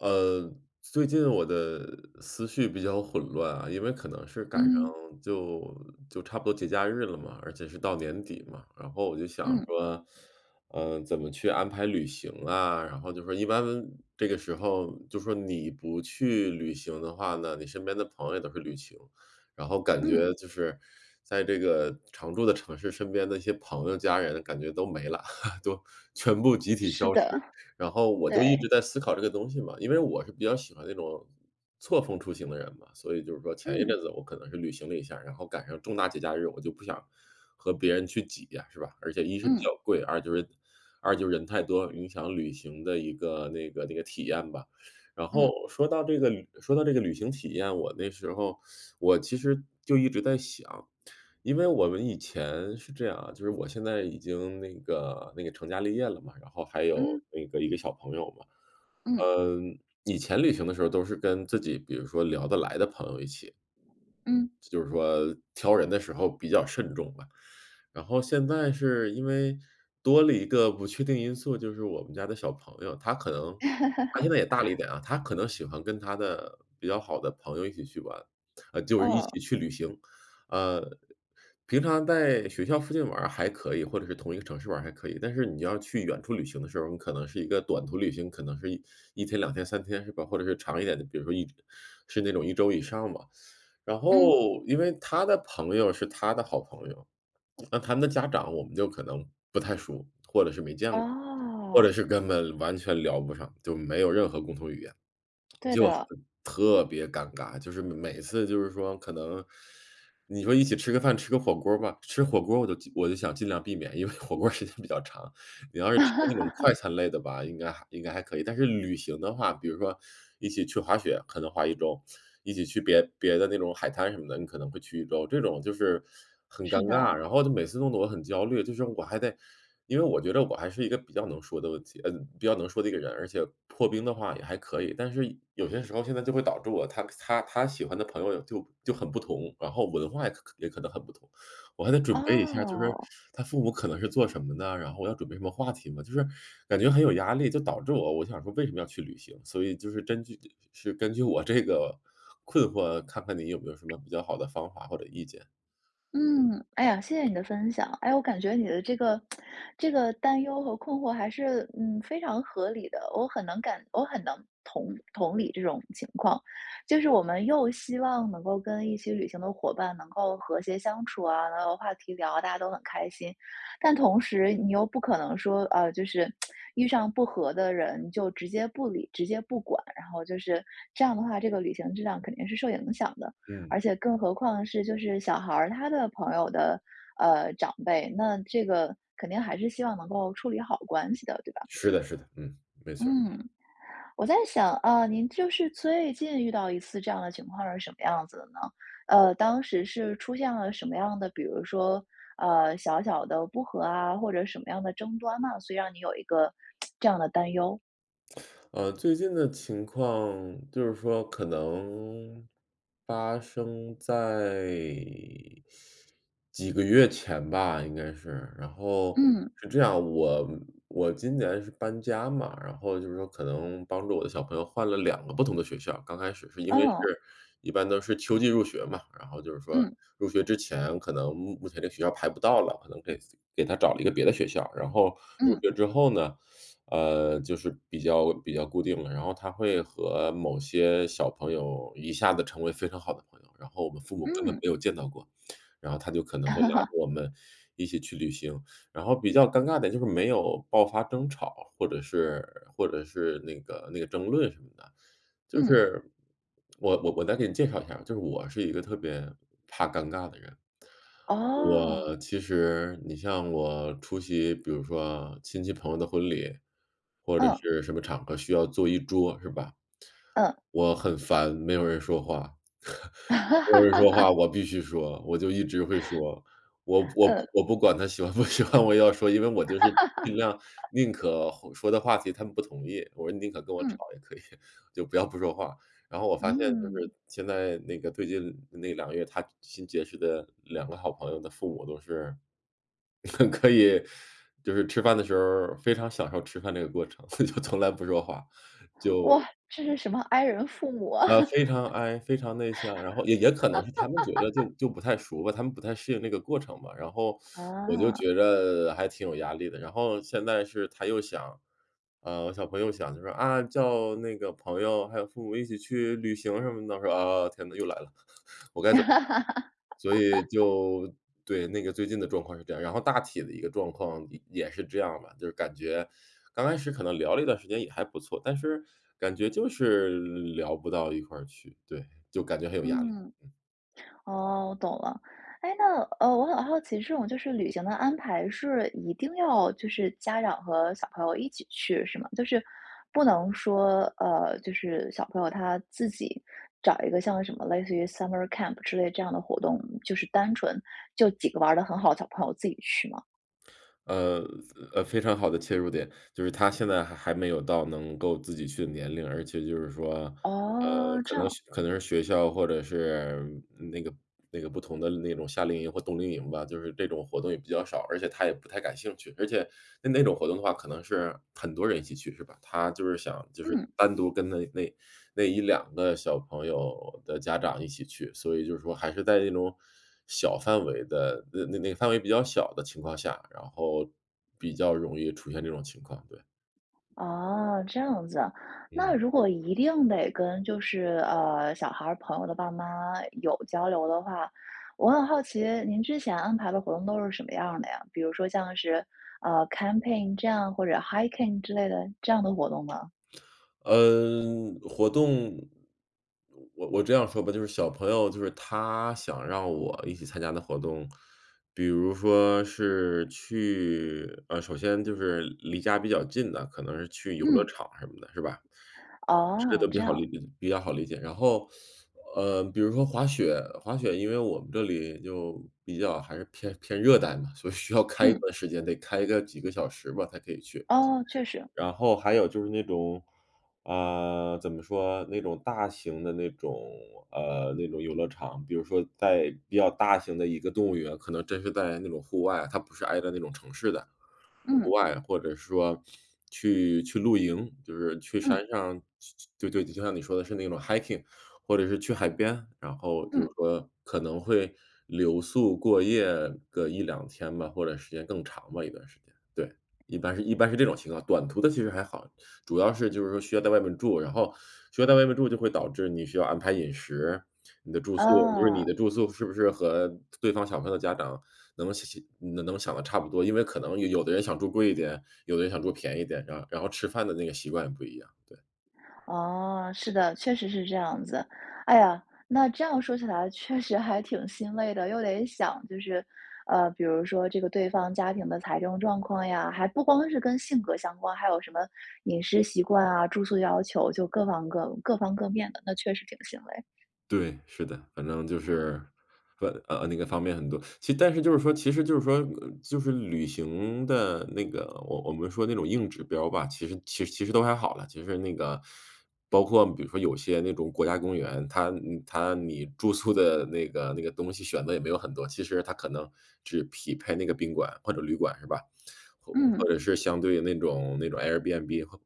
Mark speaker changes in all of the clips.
Speaker 1: 呃，最近我的思绪比较混乱啊。因为可能是赶上
Speaker 2: 嗯。
Speaker 1: 就就差不多节假日了嘛，而且是到年底嘛，然后我就想
Speaker 2: 嗯。
Speaker 1: 说，嗯，怎么去安排旅行啊。然后就说一般这个时候，就说你不去旅行的话呢，你身边的朋友也都是旅行。然后感
Speaker 2: 嗯。
Speaker 1: 觉就是，在这个常住的城市身边的一些朋友家人感觉都没了，都全部集体
Speaker 2: 是
Speaker 1: 消失。
Speaker 2: 的，
Speaker 1: 然后我就一直
Speaker 2: 对。
Speaker 1: 在思考这个东西嘛，因为我是比较喜欢那种，错峰出行的人嘛。所以就是说前一
Speaker 2: 嗯。
Speaker 1: 阵子我可能是旅行了一下，然后赶上重大节假日，我就不想和别人去挤呀，是吧？而且一是比
Speaker 2: 嗯。
Speaker 1: 较贵，二就是二就是人太多，影响旅行的一个那个那个体验吧。然
Speaker 2: 嗯。
Speaker 1: 后说到这个旅说到这个旅行体验，我那时候，我其实就一直在想。因为我们以前是这样啊，就是我现在已经那个那个成家立业了嘛，然后还有
Speaker 2: 嗯。
Speaker 1: 那个一个小朋友嘛。
Speaker 2: 嗯。
Speaker 1: 嗯，以前旅行的时候都是跟自己，比如说聊得来的朋友一起。
Speaker 2: 嗯。
Speaker 1: 就是说挑人的时候比较慎重吧。然后现在是因为多了一个不确定因素，就是我们家的小朋友，他可能他现 在也大了一点啊，他可能喜欢跟他的比较好的朋友一起去玩啊，就一
Speaker 2: 哦。
Speaker 1: 起去旅行。啊，平常在学校附近玩儿还可以，或者是同一个城市玩儿还可以。但是你要去远处旅行的时候，你可能是一个短途旅行，可能是一1天2天3天，是吧？或者是长一点的，比如说一是那种1周以上吧。然
Speaker 2: 嗯。
Speaker 1: 后，因为他的朋友是他的好朋友，那他们的家长我们就可能不太熟，或者是没见过，或者
Speaker 2: 哦。
Speaker 1: 是根本完全聊不上，就没有任何共同语言，
Speaker 2: 对
Speaker 1: 就
Speaker 2: 的。
Speaker 1: 很特别尴尬。就是每每次就是说可能，你说一起吃个饭、吃个火锅儿吧，吃火锅儿我都尽我都想尽量避免，因为火锅儿时间比较长。你要是吃那种快 餐类的吧，应该还应该还可以。但是旅行的话，比如说一起去滑雪，可能滑1周，一起去别别的那种海滩什么的，你可能会去1周，这种就是很尴
Speaker 2: 是
Speaker 1: 尬。
Speaker 2: 的。
Speaker 1: 然后他每次弄得我很焦虑，就是我还得因为我觉着我还是一个比较能说的问题呃，比较能说的一个人儿，而且破冰的话也还可以。但是有些时候现在就会导致我，他他个他喜欢的朋友也就就很不同，然后文化也可可也可能很不同。我还得准备一下，就是
Speaker 2: 哦。
Speaker 1: 他父母可能是做什么的，然后我要准备什么话题嘛。就是感觉很有压力，就导致我我想说为什么要去旅行？所以就是根据呃，呃，是根据我这个困惑，看看你有没有什么比较好的方法或者意见？
Speaker 2: 嗯，哎呀，谢谢你的分享。诶，我感觉你的这个 这个担忧和困惑还是，嗯，非常合理的，我很能感我很能同同理这种情况。就是我们又希望能够跟一些旅行的伙伴能够和谐相处啊，能有话题聊啊，大家都很开心。但同时你又不可能说，呃，就是 遇上不和的人就直接不理、直接不管，然后就是这样的话，这个旅行质量肯定是受影响的，
Speaker 1: 嗯。
Speaker 2: 而且更何况是，就是小孩儿，他的朋友的，呃，长辈，那这个肯定还是希望能够处理好关系的，对吧？
Speaker 1: 是的是的，嗯，没错儿。
Speaker 2: 嗯，我在想啊，您就是最近遇到一次这样的情况是什么样子的呢？呃，当时是出现了什么样的，比如说，呃，小小的不和啊，或者什么样的争端呢？所以让你有一个 这样的担忧。
Speaker 1: 呃，最近的情况，就是说可能发生在 几个月前吧应该是。然后
Speaker 2: 嗯。
Speaker 1: 是这样，我嗯，我今年是搬家嘛，然后就是说可能帮助我的小朋友换了2个不同的学校，刚开始是因为是
Speaker 2: 哦。
Speaker 1: 一般都是秋季入学嘛，然后就是说
Speaker 2: 嗯。
Speaker 1: 入学之前可能目目前的学校排不到了，可能给自己给他找了一个别的学校。然后入
Speaker 2: 嗯。
Speaker 1: 学之后呢，呃，就是比较比较固定了。然后他会和某些小朋友一下子成为非常好的朋友，然后我们父母根本
Speaker 2: 嗯。
Speaker 1: 没有见到过，然后他就可能会拉着 我们一起去旅行。然后比较尴尬的就是没有爆发争吵，或者是或者是那个那个争论什么的。就
Speaker 2: 嗯。
Speaker 1: 是我我我再给你介绍一下儿，就是我是一个特别怕尴尬的人。
Speaker 2: 哦。
Speaker 1: 我其实你像我出席，比如说亲戚朋友的婚礼，或者
Speaker 2: 嗯。
Speaker 1: 是什么场合需要坐一桌是吧？
Speaker 2: 嗯。
Speaker 1: 我很烦没有人说话。没有人说话，我必须说，我就一直会说，我我
Speaker 2: 嗯。
Speaker 1: 我不管他喜欢不喜欢，我也要说，因为我就是尽量 宁可话说的话题他们不同意，我说宁可跟我吵
Speaker 2: 嗯。
Speaker 1: 也可以，就不要不说话。然后我发现就是
Speaker 2: 嗯。
Speaker 1: 现在那个最近那2个月，他新结识的2个好朋友的父母都是，可以就是吃饭的时候儿非常享受吃饭这个过程，就从来不说话，就
Speaker 2: 哇，这是什么 I 人父母啊。
Speaker 1: 呃，非常 I，非常内向，然后也也可能是他们觉得就 就不太熟吧，他们不太适应那个过程吧，然后 我就
Speaker 2: 啊。
Speaker 1: 觉着还挺有压力的。然后现在是他又想啊，我小朋友想就说：“啊，叫那个朋友还有父母一起去旅行什么的。”我说：“啊，天哪，又来了，我该怎么办？”所以 就对，那个最近的状况是这样儿，然后大体的一个状况也也是这样嘛，就是感觉刚开始可能聊了一段时间也还不错，但是感觉就是聊不到一块儿去，对，就感觉很有压力。
Speaker 2: 嗯。哦，我懂了。诶，那，呃，我很好奇，这种就是旅行的安排是一定要，就是家长和小朋友一起去，是吗？就是不能说，呃，就是小朋友，他自己找一个像什么类似于 Summer Camp 之类这样的活动，就是单纯就几个玩儿得很好的小朋友自己去吗？
Speaker 1: 呃，非呃，非常好的切入点。就是他现在还还没有到能够自己去的年龄，而且就是说呃，
Speaker 2: 哦，
Speaker 1: 可
Speaker 2: 这
Speaker 1: 能
Speaker 2: 样。
Speaker 1: 是可能是学校或者是那个那个不同的那种夏令营或冬令营吧，就是这种活动也比较少，而且他也不太感兴趣。而且那那种活动的话可能是很多人一起去是吧？他就是想就是
Speaker 2: 嗯。
Speaker 1: 单独跟那那那1-2个小朋友的家长一起去，所以就说还是在那种小范围的那那个范围比较小的情况下，然后比较容易出现这种情况，对。
Speaker 2: 哦，这样子啊。那
Speaker 1: 嗯。
Speaker 2: 如果一定得跟就是，呃，小孩儿朋友的爸妈有交流的话，我很好奇您之前安排的活动都是什么样儿的呀？比如说像是，呃，camping 这样，或者 hiking 之类的，这样的活动吗？
Speaker 1: 嗯，活动我我这样说吧，就是小朋友就是他想让我一起参加的活动比如说是去呃，首先就是离家比较近的，可能是去游乐
Speaker 2: 嗯。
Speaker 1: 场什么的，是吧？这个
Speaker 2: 哦，
Speaker 1: 都比
Speaker 2: 这
Speaker 1: 较好理
Speaker 2: 样。
Speaker 1: 理比较好理解。然后 呃，比如说滑雪滑雪因为我们这里就比较还是偏偏热带嘛，所以需要开一
Speaker 2: 嗯。
Speaker 1: 段时间，得开个几个小时吧，才可以去。
Speaker 2: 哦，确实。
Speaker 1: 然后还有就是那种啊，怎么说？那种大型的那种呃，那种游乐场比如说在比较大型的一个动物园可能真是在那种户外，它不是挨着那种城市的，户
Speaker 2: 嗯。
Speaker 1: 外。或者说去去露营，就是去
Speaker 2: 嗯。
Speaker 1: 山上去去对对，就像你说的是那种 hiking，或者是去海边，然后就是
Speaker 2: 嗯。
Speaker 1: 说可能会留宿、过夜个1-2天吧，或者时间更长吧，一段时间。对，一般是一般是这种情况。短途的其实还好，主要是就是说需要在外面住。然后需要在外面住就会导致你需要安排饮食，你的住宿就是你
Speaker 2: 嗯。
Speaker 1: 的住宿是不是和对方小朋友的家长能想想能能想的差不多，因为可能有有的人想住贵一点，有的人想住便宜点的。然后吃饭的那个习惯也不一样，对。
Speaker 2: 哦，是的。确实是这样子。哎呀，那这样说起来确实还挺心累的，又得想就是呃，比如说这个对方家庭的财政状况呀，还不光是跟性格相关，还有什么饮食习惯啊、住宿要求，就各方各各方各面的，那确实挺心累。
Speaker 1: 对，是的。反正就是呃呃，那个方面很多。其但是就是说其实就是说就是旅行的那个我我们说那种硬指标吧，其实其实其实都还好了。其实那个 包括比如说有些那种国家公园，它呃，它你住宿的那个那个东西选择也没有很多。其实它可能只匹配那个宾馆或者旅馆是吧？或或
Speaker 2: 嗯。
Speaker 1: 者是相对于那种那种 Airbnb，或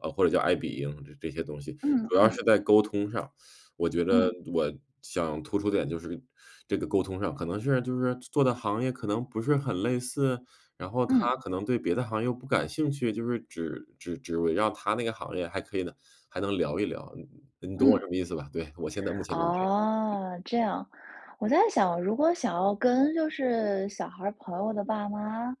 Speaker 1: 呃，或者叫爱彼迎这这些东西。
Speaker 2: 嗯
Speaker 1: 主要
Speaker 2: 嗯。
Speaker 1: 是在沟通上，我觉着
Speaker 2: 嗯。
Speaker 1: 我想突出点就是这个沟通上，可能是就是做做的行业可能不是很类似？然后他
Speaker 2: 嗯。
Speaker 1: 可能对别的行业又不感兴趣，就是只只只围绕他那个行业还可以呢还能聊一聊。你你-你懂我
Speaker 2: 嗯。
Speaker 1: 什么意思吧？对，我现在目前就是这样。
Speaker 2: 哦，这样。我在想，如果想要跟就是小孩儿朋友的爸妈，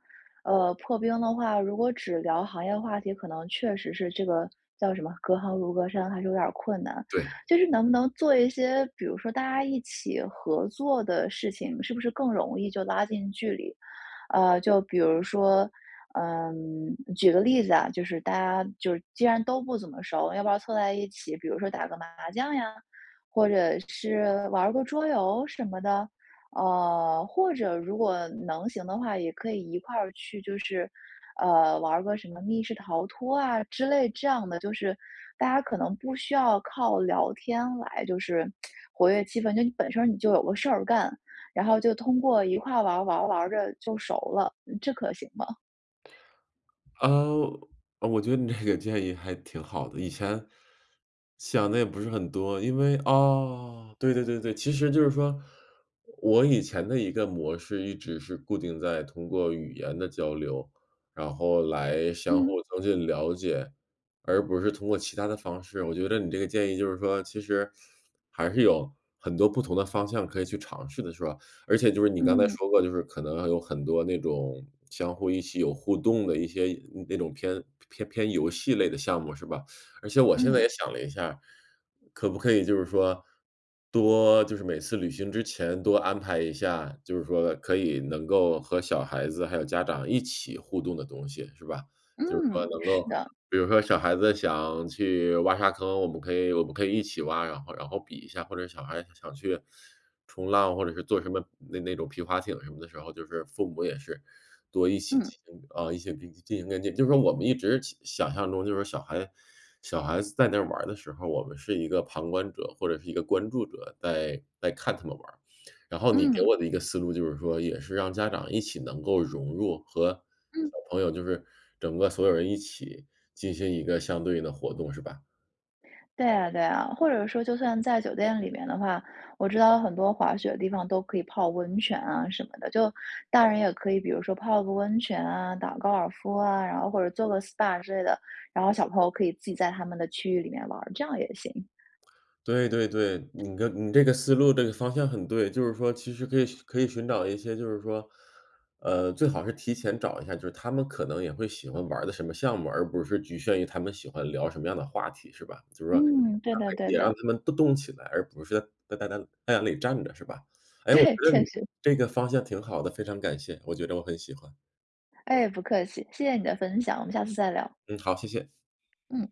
Speaker 2: 呃，破冰的话，如果只聊行业话题，可能确实是这个叫什么，隔行如隔山还是有点儿困难。
Speaker 1: 对。
Speaker 2: 就是能不能做一些比如说大家一起合作的事情，是不是更容易就拉近距离？呃，就比如说呃，举个例子啊，就是大家就既然都不怎么熟，要不要凑在一起，比如说打个麻将呀，或者是玩儿个桌游什么的？啊，或者如果能行的话，也可以一块儿去，就是，呃，玩儿个什么密室逃脱啊之类这样的，就是大家可能不需要靠聊天来，就是，活跃气氛，就你本身你就有个事儿干。然后就通过一块玩儿，玩儿，玩儿着就熟了，嗯，这可行吗？
Speaker 1: 呃，呃我觉得你这个建议还挺好的。以前想得也不是很多，因为啊，对对对对。其实就是说，我以前的一个模式，一直是固定在通过语言的交流，然后来相互
Speaker 2: 嗯。
Speaker 1: 增进了解，而不是通过其他的方式。我觉得你这个建议就是说，其实还是有很多不同的方向可以去尝试的，是吧？而且就是你刚才
Speaker 2: 嗯。
Speaker 1: 说过，就是可能有很多那种相互一起有互动的，一些那种偏偏偏游戏类的项目，是吧？而且我现在也
Speaker 2: 嗯。
Speaker 1: 想了一下。可不可以就是说，多就是每次旅行之前，多安排一下，就是说，可以能够和小孩子还有家长，一起互动的东西，是吧？就是说
Speaker 2: 嗯，
Speaker 1: 能
Speaker 2: 是
Speaker 1: 够
Speaker 2: 的。
Speaker 1: 比如说小孩子想去挖沙坑，我们可以我们可以一起挖，然后然后比一下。或者小孩想去冲浪，或者是坐什么那那种皮划艇什么的时候，就是父母也是多一起
Speaker 2: 嗯。
Speaker 1: 清啊，一起进行跟进。就是说我们一直想想象中，就是说小孩小孩子在那玩儿的时候，我们是一个旁观者，或者是一个关注者在在看他们玩儿。然后你给
Speaker 2: 嗯。
Speaker 1: 我的一个思路，就是说也是让家长一起能够融入和小
Speaker 2: 嗯。
Speaker 1: 朋友，就是整个所有人一起，进行一个相对应的活动，是吧？
Speaker 2: 对啊对啊，或者说，就算在酒店里面的话，我知道很多滑雪的地方，都可以泡温泉啊什么的。就大人也可以比如说泡个温泉啊，打个高尔夫啊，然后或者做个 SPA 之类的。然后小朋友可以自己在他们的区域里面玩儿，这样也行。
Speaker 1: 对对对，你跟你这个思路、这个方向，很对。就是说其实可以可以寻找一些就是说，呃，最好是提前找一下，就是他们可能也会喜欢玩儿的什么项目，而不是局限于他们喜欢聊什么样的话题，是吧？就是说
Speaker 2: 嗯，对的
Speaker 1: [unintelligible]
Speaker 2: 对
Speaker 1: 也让
Speaker 2: 的。
Speaker 1: 他们动动起来，而不是太太太太阳站着是吧？诶，我觉
Speaker 2: 对，
Speaker 1: 得
Speaker 2: 确
Speaker 1: 你
Speaker 2: 实。
Speaker 1: 这个方向挺好的，非常感谢，我觉着我很喜欢。
Speaker 2: 诶，不客气，谢谢你的分享，我们下次再聊。
Speaker 1: 嗯，好，谢谢。
Speaker 2: 嗯。